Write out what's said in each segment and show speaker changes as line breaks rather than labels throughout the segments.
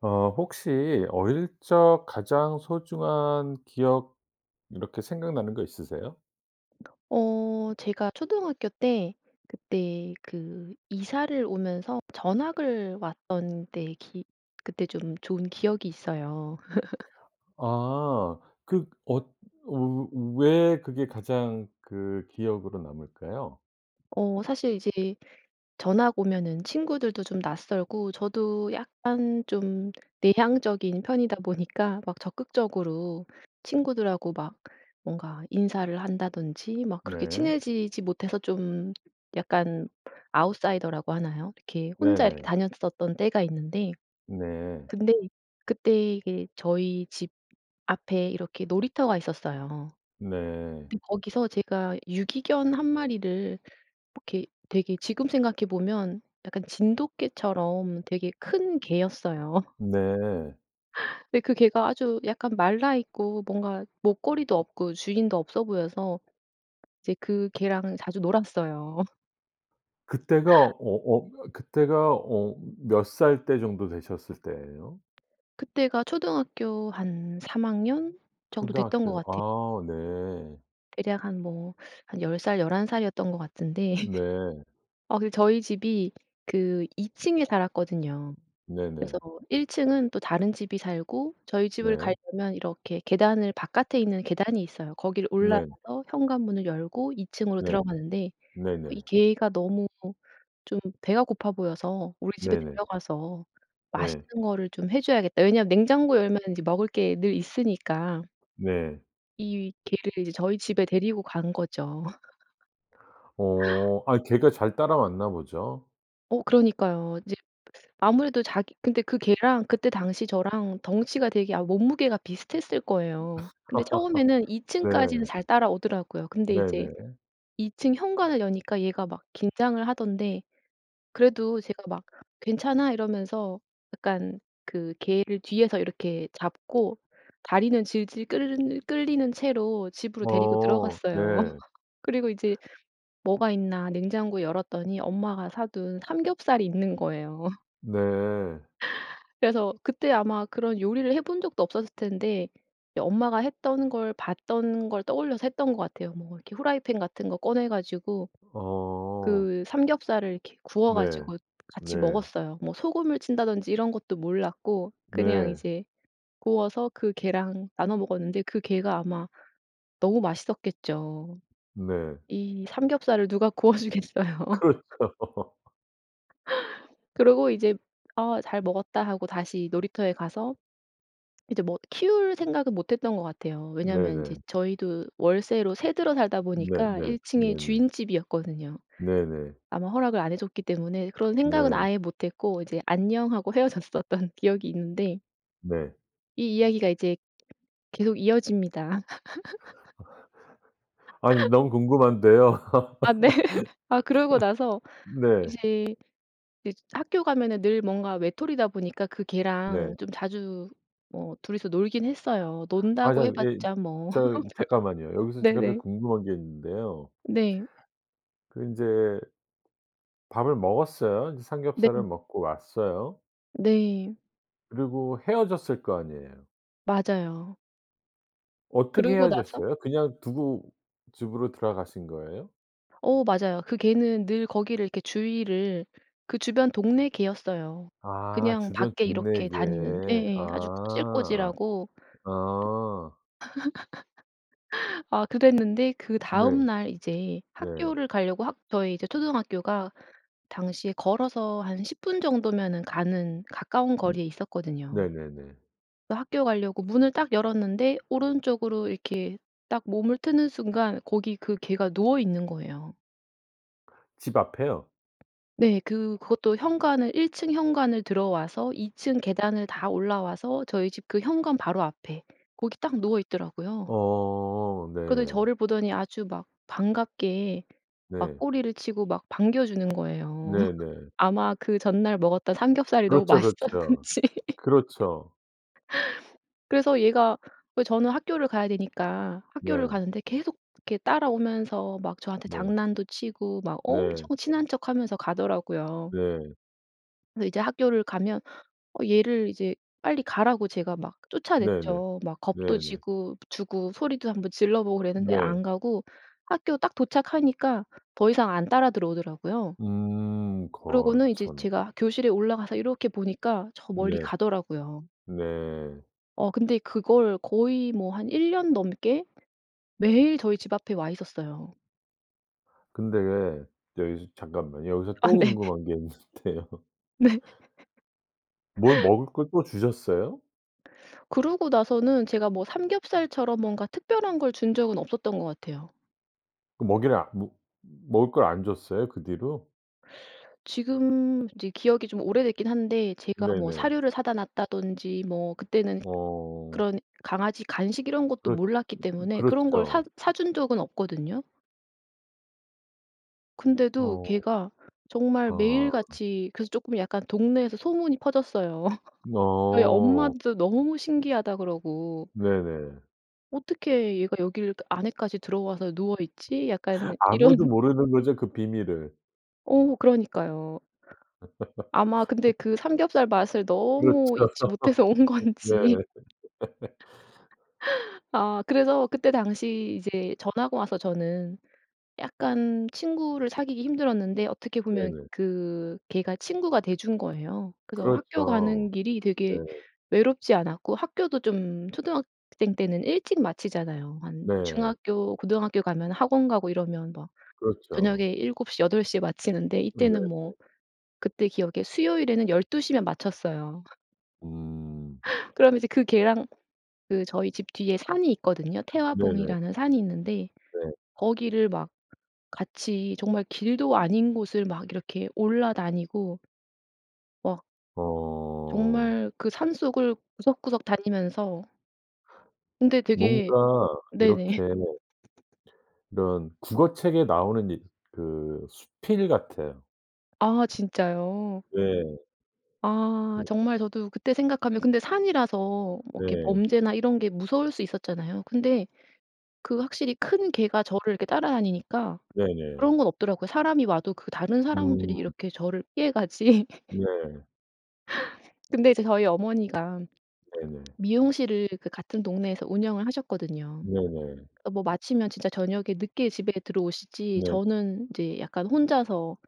어 혹시 어릴 적 가장 소중한 기억 이렇게 생각나는 거 있으세요?
어 제가 초등학교 때 그때 그 이사를 오면서 전학을 왔던 때 기 그때 좀 좋은 기억이 있어요.
아. 그 엇 어 어 왜 그게 가장 그 기억으로 남을까요?
어 사실 이제 전학 오면은 친구들도 좀 낯설고 저도 약간 좀 내향적인 편이다 보니까 막 적극적으로 친구들하고 막 뭔가 인사를 한다든지 막 그렇게
네.
친해지지 못해서 좀 약간 아웃사이더라고 하나요? 이렇게 혼자 이렇게
네네.
다녔었던 때가 있는데.
네.
근데 그때 이게 저희 집 앞에 이렇게 놀이터가 있었어요.
네.
근데 거기서 제가 유기견 1 마리를 이렇게 되게 지금 생각해 보면 약간 진돗개처럼 되게 큰 개였어요.
네.
예 그 개가 아주 약간 말라 있고 뭔가 목걸이도 없고 주인도 없어 보여서 이제 그 개랑 자주 놀았어요.
그때가 어 어 그때가 어 몇 살 때 정도 되셨을 때예요?
그때가 초등학교 한 3 학년 정도 됐던 것
초등학교
같아
아 네.
대략 한 뭐 한 10 살 11 살이었던 것 같은데
네.
아 그 저희 집이 그 2 층에 살았거든요. 그래서
네네.
1 층은 또 다른 집이 살고 저희 집을
네.
가려면 이렇게 계단을 바깥에 있는 계단이 있어요. 거기를
네.
올라가서 현관문을 열고 2 층으로
네.
들어가는데
네네.
이 개가 너무 좀 배가 고파 보여서 '우리 집에
네네.
데려가서
예.
맛있는 거를 좀 해 줘야겠다.' 왜냐하면 냉장고 열면 먹을 게 늘 있으니까
네.
이 개를 이제 저희 집에 데리고 간 거죠.
어. 아이 개가 잘 따라왔나 보죠?
어 그러니까요. 이제 아무래도 자기 근데 그 개랑 그때 당시 저랑 덩치가 되게 아 몸무게가 비슷했을 거예요. 근데 처음에는 2 층까지는
네.
잘 따라오더라고요. 근데 이제
네네.
2 층 현관을 여니까 얘가 막 긴장을 하던데 그래도 제가 막 "괜찮아." 이러면서 약간 그 개를 뒤에서 이렇게 잡고 다리는 질질 끌 끌리는 채로 집으로 데리고
어
들어갔어요.
네.
그리고 이제 뭐가 있나 냉장고 열었더니 엄마가 사 둔 삼겹살이 있는 거예요.
네.
그래서 그때 아마 그런 요리를 해 본 적도 없었을 텐데 예 엄마가 했던 걸 봤던 걸 떠올려서 했던 것 같아요. 뭐 이렇게 프라이팬 같은 거 꺼내 가지고
어.
그 삼겹살을 이렇게 구워
네.
가지고 같이
네.
먹었어요. 뭐 소금을 친다든지 이런 것도 몰랐고 그냥
네.
이제 구워서 그 개랑 나눠 먹었는데 그 개가 아마 너무 맛있었겠죠.
네.
이 삼겹살을 누가 구워 주겠어요.
그렇죠.
그러고 이제 "아 잘 먹었다." 하고 다시 놀이터에 가서 이제 뭐 키울 생각은 못 했던 것 같아요. 왜냐하면 이제
네네.
저희도 월세로 세 들어 살다 보니까
네네.
1 층에
네네.
주인집이었거든요.
네네.
아마 허락을 안 해 줬기 때문에 그런 생각은
네.
아예 못 했고 이제 "안녕." 하고 헤어졌었던 기억이 있는데
네.
이 이야기가 이제 계속 이어집니다.
아니 너무 궁금한데요.
아 네. 아 그러고 나서
네.
이제 이제 학교 가면은 늘 뭔가 외톨이다 보니까 그
네.
개랑 좀 자주 뭐 2 이서 놀긴 했어요.
아
논다고
자
해
예
봤자 뭐
저기 잠깐만요. 여기서
별
제가 제일
네네.
궁금한 게 있는데요.
네.
그 인제 밥을 먹었어요. 이제
네.
삼겹살을 먹고 왔어요.
네.
그리고 헤어졌을 거 아니에요.
맞아요.
어떻게
그러고 나서
헤어졌어요? 그냥 두고 집으로 들어가신 거예요?
어 맞아요. 그 개는 늘 거기를 이렇게 주위를 그 주변 동네 개였어요
아
그냥
주변
밖에
동네
이렇게
개.
다니는. 예, 예. 아주
아
꼬질꼬질하고 그
아. 아.
아 그랬는데
네.
그다음 날 이제
네.
학교를 가려고 학 저희 이제 초등학교가 당시에 걸어서 한 10 분 정도면은 가는 가까운 거리에 있었거든요.
네네네.
그 학교 가려고 문을 딱 열었는데 오른쪽으로 이렇게 딱 몸을 트는 순간 거기 그 개가 누워 있는 거예요.
집 앞에요?
네. 그 그것도 현관을 1 층 현관을 들어와서 2 층 계단을 다 올라와서 저희 집 그 현관 바로 앞에 거기 딱 누워 있더라고요.
어
그러더니
네.
저를 보더니 아주 막 반갑게 막
네.
꼬리를 치고 막 반겨 주는 거예요.
네네.
아마 그 전날 먹었던 삼겹살이 너무
그렇죠,
맛있었는지.
그렇죠. 그렇죠.
그래서 얘가 왜 저는 학교를 가야 되니까 학교를
네.
가는데 계속 이렇게 따라오면서 막 저한테
네.
장난도 치고 막
네.
엄청 친한 척하면서 가더라고요.
네.
근데 이제 학교를 가면 어 얘를 이제 빨리 가라고 제가 막
네네.
쫓아냈죠. 막 겁도
네네.
지고 주고 소리도 1 번 질러 보고
어
그랬는데
네.
안 가고 학교 딱 도착하니까 더 이상 안 따라 들어오더라고요.
음 거
그러고는 이제
참.
제가 교실에 올라가서 이렇게 보니까 저 멀리
네.
가더라고요.
네.
어 근데 그걸 거의 뭐 한 1 년 넘게 매일 저희 집 앞에 와 있었어요.
근데 왜 여기서 잠깐만 여기서
아
또
네.
궁금한 게 있는데요.
네.
뭘 먹을 걸 또 주셨어요?
그러고 나서는 제가 뭐 삼겹살처럼 뭔가 특별한 걸 준 적은 없었던 것 같아요.
그 먹이를 아 먹 먹을 걸 안 줬어요, 그 뒤로?
지금 이제 기억이 좀 오래됐긴 한데 제가 뭐
네네.
사료를 사다 놨다든지 뭐 그때는
어.
그런 강아지 간식 이런 것도
그렇
몰랐기 때문에 그런 걸 사
그렇죠.
사준 적은 없거든요. 근데도
어.
개가 정말
아.
매일같이 그래서 쪼끔 약간 동네에서 소문이 퍼졌어요. 저희
어.
엄마도 너무 신기하다 그러고.
네네.
어떻게 얘가 여길 그 안에까지 들어와서 누워 있지? 약간
아무도
이런.
모르는 거죠 그 비밀을?
어 그러니까요. 아마 근데 그 삼겹살 맛을
그렇죠
너무 잊지 못해서 온
네.
건지. 아 그래서 그때 당시 이제 전학을 와서 저는 약간 친구를 사귀기 힘들었는데 어떻게 보면
네네.
그 개가 친구가 돼 준 거예요. 그래서 학교
그렇죠
가는 길이
네.
되게 외롭지 않았고 학교도 좀 초등학생 때는 일찍 마치잖아요. 한
네.
중학교, 고등학교 가면 학원 가고 이러면 뭐
그렇죠.
저녁에 7:00, 8:00 에 마치는데
네네.
이때는 뭐 그때 기억에 수요일에는 12:00 면 마쳤어요.
음.
그러면 이제 그 개랑 그 저희 집 뒤에 산이 있거든요.
네네.
태화봉이라는 산이 있는데
네.
거기를 막 같이 정말 길도 아닌 곳을 막 이렇게 올라다니고 막
어.
정말 그 산속을 구석구석 다니면서 근데 되게
뭔가
네네.
이렇게 이런 국어책에 나오는 이 그 수필 같아요.
아 진짜요.
네.
아
그
정말 저도 그때 생각하면 근데 산이라서 뭐 이렇게
네.
범죄나 이런 게 무서울 수 있었잖아요. 근데 그 확실히 큰 개가 저를 이렇게 따라다니니까
네네.
그런 건 없더라고요. 사람이 와도 그 다른 사람들이
음.
이렇게 저를 피해가지.
네.
근데 이제 저희 어머니가
네네.
미용실을 그 같은 동네에서 운영을 하셨거든요.
네네.
어 뭐 마치면 진짜 저녁에 늦게 집에 들어오시지
네.
저는 이제 약간 혼자서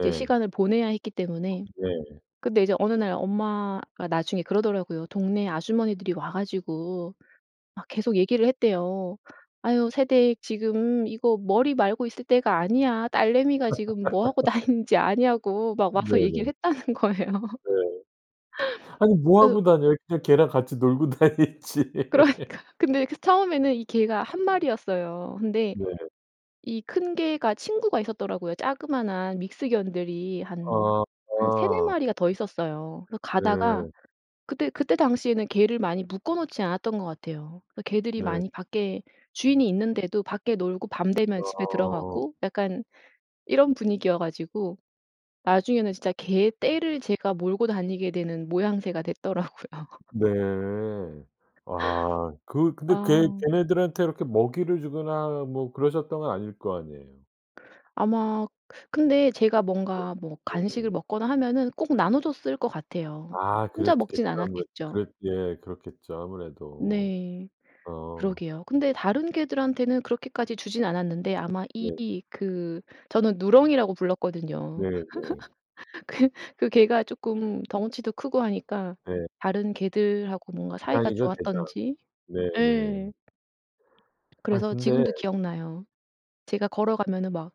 이제 시간을 보내야 했기 때문에
네.
근데 이제 어느 날 엄마가 나중에 그러더라고요. 동네 아주머니들이 와 가지고 막 계속 얘기를 했대요. "아휴 새댁 지금 이거 머리 말고 있을 때가 아니야. 딸내미가 지금 뭐 하고 다니는지 아냐고?" 막 와서 얘기
네네.
했다는 거예요.
네. 아니 뭐
그래서
하고 다녀요. 그냥 개랑 같이 놀고 다니지.
그러니까요. 근데 그 처음에는 이 개가 1 마리였어요. 근데
네.
이 큰 개가 친구가 있었더라고요. 자그마한 믹스견들이 한
아
한 3-4
아.
마리가 더 있었어요. 그래서 가다가
네.
그때 그때 당시에는 개를 많이 묶어 놓지 않았던 것 같아요. 그 개들이
네.
많이 밖에 주인이 있는데도 밖에 놀고 밤 되면 집에
아.
들어가고 약간 이런 분위기여 가지고 나중에는 진짜 개떼를 제가 몰고 다니게 되는 모양새가 됐더라고요.
네. 아 그 근데 걔
아.
걔네들한테 이렇게 먹이를 주거나 뭐 그러셨던 건 아닐 거 아니에요.
아마 근데 제가
네
뭔가 뭐 간식을
네네.
먹거나 하면은 꼭 나눠줬을 것 같아요.
아
혼자
그랬겠죠
먹진
아무래도.
않았겠죠.
그랬 예 그렇겠죠 아무래도.
네.
어.
그러게요. 근데 다른 개들한테는 그렇게까지 주지는 않았는데 아마 이
네네.
그 저는 누렁이라고 불렀거든요.
네, 네.
그 그 개가 쪼끔 덩치도 크고 하니까
네.
다른 개들하고 뭔가 사이가
대장이죠 대장.
좋았던지
네, 네.
예.
아니
그래서
근데
지금도 기억나요. 제가 걸어가면은 막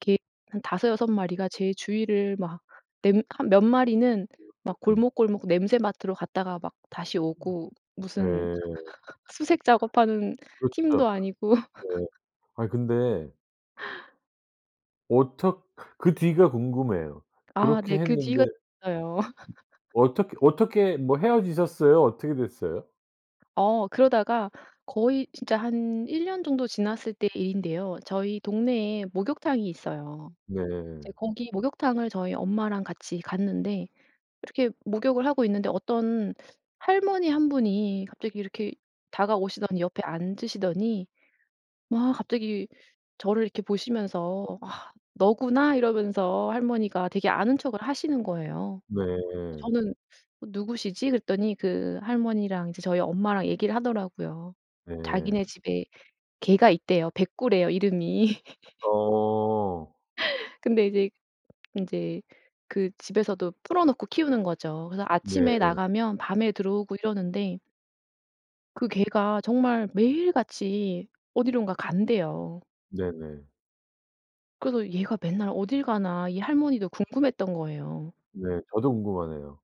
개 한 5-6 마리가 제 주위를 막 냄 한 몇 마리는 막
음.
골목골목 냄새 맡으러 갔다가 막 다시 오고 무슨
네.
수색 작업하는 팀도
그렇죠.
아니고.
네. 아니 근데 어떻 그 뒤가 궁금해요.
아
그렇게
네 그
했는데
뒤가 있어요.
어떻게 어떻게 뭐 헤어지셨어요? 어떻게 됐어요?
어 그러다가 거의 진짜 한 1 년 정도 지났을 때 일인데요. 저희 동네에 목욕탕이 있어요. 이제
네.
거기 목욕탕을 저희 엄마랑 같이 갔는데 이렇게 목욕을 하고 있는데 어떤 할머니 1 분이 갑자기 이렇게 다가오시더니 옆에 앉으시더니 막 갑자기 저를 이렇게 보시면서 "아 너구나?" 이러면서 할머니가 되게 아는 척을 하시는 거예요.
네.
저는 '어 누구시지?' 그랬더니 그 할머니랑 이제 저희 엄마랑 얘기를 하더라고요. 자기네
네.
집에 개가 있대요 백구래요 이름이.
어.
근데 이제 인제 그 집에서도 풀어놓고 키우는 거죠. 그래서 아침에
네.
나가면 밤에 들어오고 이러는데 그 개가 정말 매일 같이 어디론가 간대요.
네네.
그래서 '얘가 맨날 어딜 가나?' 이 할머니도 궁금했던 거예요.
네 저도 궁금하네요.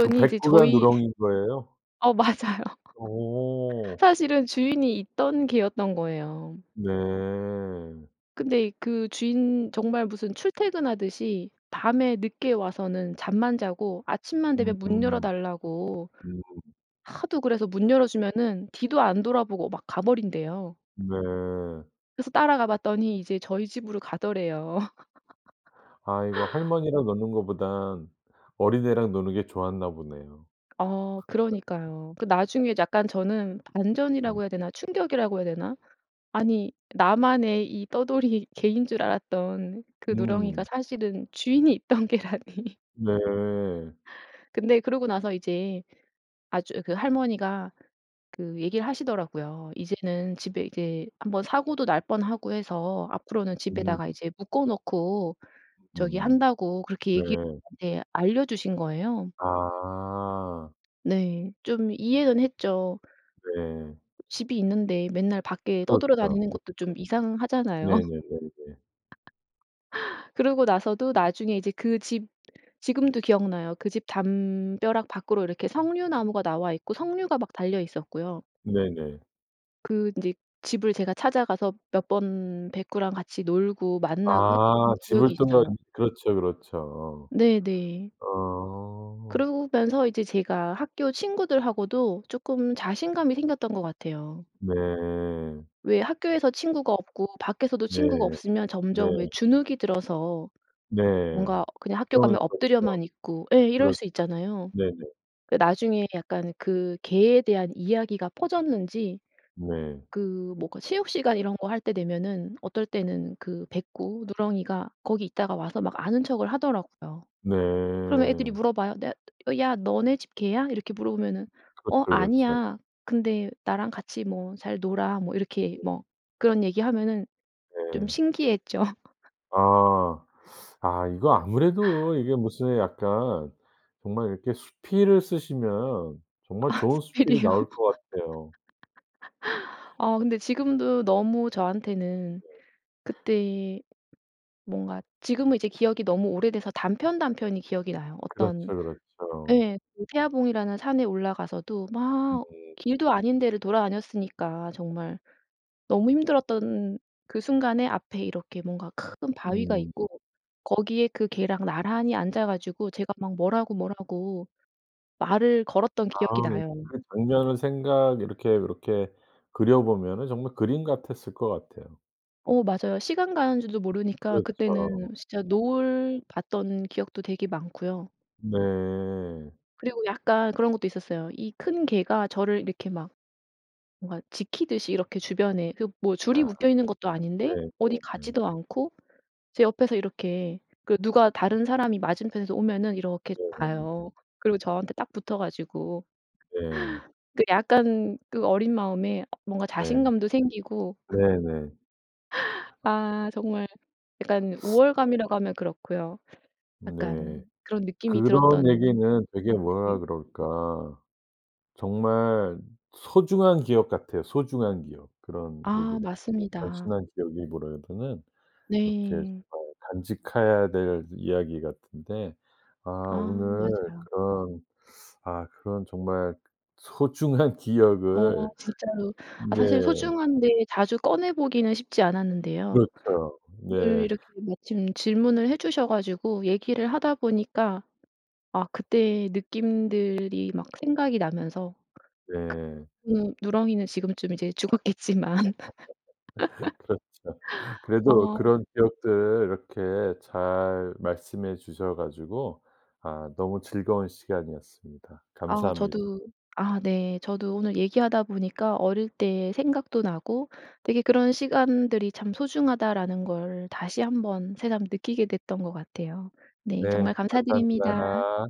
그
이제
백구가
저희
누렁이인 거예요?
어 맞아요.
오.
사실은 주인이 있던 개였던 거예요.
네.
근데 그 주인 정말 무슨 출퇴근하듯이 밤에 늦게 와서는 잠만 자고 아침만 되면 문 열어
음음.
달라고
음.
하도 그래서 문 열어 주면은 뒤도 안 돌아보고 막 가버린대요.
네.
그래서 따라가 봤더니 이제 저희 집으로 가더래요.
아 이거 할머니랑 노는 것보단 어린 애랑 노는 게 좋았나 보네요.
어
어.
그러니까요. 그 나중에 약간 저는 반전이라고
음.
해야 되나 충격이라고 해야 되나. 아니 나만의 이 떠돌이 개인 줄 알았던 그 누렁이가
음.
사실은 주인이 있던 개라니.
네.
근데 그러고 나서 이제 아주 그 할머니가 그 얘기 하시더라고요. "이제는 집에 이제 1 번 사고도 날 뻔하고 해서 앞으로는 집에
음.
다가 이제 묶어 놓고 저기
음.
한다."고 그렇게
네.
얘기 네 알려주신 거예요.
아.
네 좀 이해는 했죠.
네.
집이 있는데 맨날 밖에
그렇죠,
떠돌아다니는
그렇죠.
것도 좀 이상하잖아요.
네네네네.
그러고 나서도 나중에 이제 그 집 지금도 기억나요. 그 집 담벼락 밖으로 이렇게 석류 나무가 나와 있고 석류가 막 달려 있었고요.
네네.
그 인제 집을 제가 찾아가서 몇 번 백구랑 같이 놀고 만나고
아
했던 기억이
집을 또.
있어요.
그렇죠, 그렇죠.
네네.
어.
그러면서 이제 제가 학교 친구들하고도 쪼끔 자신감이 생겼던 것 같아요.
네.
왜 학교에서 친구가 없고 밖에서도
네.
친구가 없으면
네.
점점 왜 주눅이 들어서
네.
뭔가 그냥 학교 가면
종일 그렇죠.
엎드려만 있고 예 이럴
그렇죠.
수 있잖아요.
네네.
그 나중에 약간 그 개에 대한 이야기가 퍼졌는지
네.
그 뭐가 체육 시간 이런 거 할 때 되면은 어떨 때는 그 백구 누렁이가 거기 있다가 와서 막 아는 척을 하더라고요. 그러면 애들이
네.
물어봐요. "냐 야 너네 집 개야?" 이렇게 물어보면은
그렇죠,
"어
그렇죠.
아니야. 근데 나랑 같이 뭐 잘 놀아." 뭐 이렇게
[unintelligible]
뭐 그런 얘기하면은 좀
네.
신기해 했죠.
아. 아 이거 아무래도 이게 무슨 약간 정말 이렇게 수필을 쓰시면 정말
아
좋은 수필이
수필이요?
나올 것 같아요.
아 근데 지금도 너무 저한테는
네.
그때의 뭔가 지금은 이제 기억이 너무 오래돼서 단편 단편이 기억이 나요.
그렇죠,
어떤
그렇죠.
예. 태화봉이라는 산에 올라가서도 막
네.
길도 아닌 데를 돌아다녔으니까 정말. 너무 힘들었던 그 순간에 앞에 이렇게 뭔가 큰 바위가
음음음.
있고 거기에 그 개랑 나란히 앉아 가지고 제가 막 뭐라고 뭐라고 말을 걸었던
아
기억이 나요.
그 장면을 생각 이렇게 요렇게 그려 보면은 정말 그림 같았을 것 같아요.
어 맞아요. 시간 가는 줄도 모르니까
그렇죠.
그때는 진짜 노을 봤던 기억도 되게 많고요.
네.
그리고 약간 그런 것도 있었어요. 이 큰 개가 저를 이렇게 막 뭔가 지키듯이 이렇게 주변에 그 뭐 줄이
야.
묶여있는 것도 아닌데
네
어디
네 네.
가지도 않고 제 옆에서 이렇게 그 누가 다른 사람이 맞은편에서 오면 이렇게
네 네네.
봐요. 그리고 저한테 딱 붙어 가지고
네.
그 약간 어린 마음에 어 뭔가
네.
자신감도 생기고
네네.
아 정말 약간 우월감이라고 하면 그렇고요.
네.
약간 그런 느낌이
그런
들었던
얘기는 되게 뭐라
네.
그럴까 정말 소중한 기억 같아요 소중한 기억. 그런 얘기를
아
그냥
맞습니다.
단순한 기억이 뭐라 보다는 이렇게 잘
네.
간직해야 될 이야기 같은데 아
아
오늘
맞아요.
그런 아 그런 정말 소중한
어
기억을
진짜로. 아 사실
네.
소중한데 자주 꺼내 보기는 쉽지 않았는데요.
그렇죠.
오늘
네.
이렇게 마침 질문을 해 주셔 가지고 얘기를 하다 보니까 아 그때 느낌들이 막 생각이 나면서
네.
그 음 누렁이는 지금쯤 이제 죽었겠지만.
그렇죠. 그래도
어
그런 기억들을 이렇게 잘 말씀해 주셔 가지고 아 너무 즐거운 시간이었습니다.
아
감사합니다.
저도 아 네. 저도 오늘 얘기하다 보니까 어릴 때 생각도 나고 '되게 그런 시간들이 참 소중하다.'라는 걸 다시 1 번 새삼 느끼게 됐던 것 같아요. 네
네
정말 감사드립니다.
감사합니다.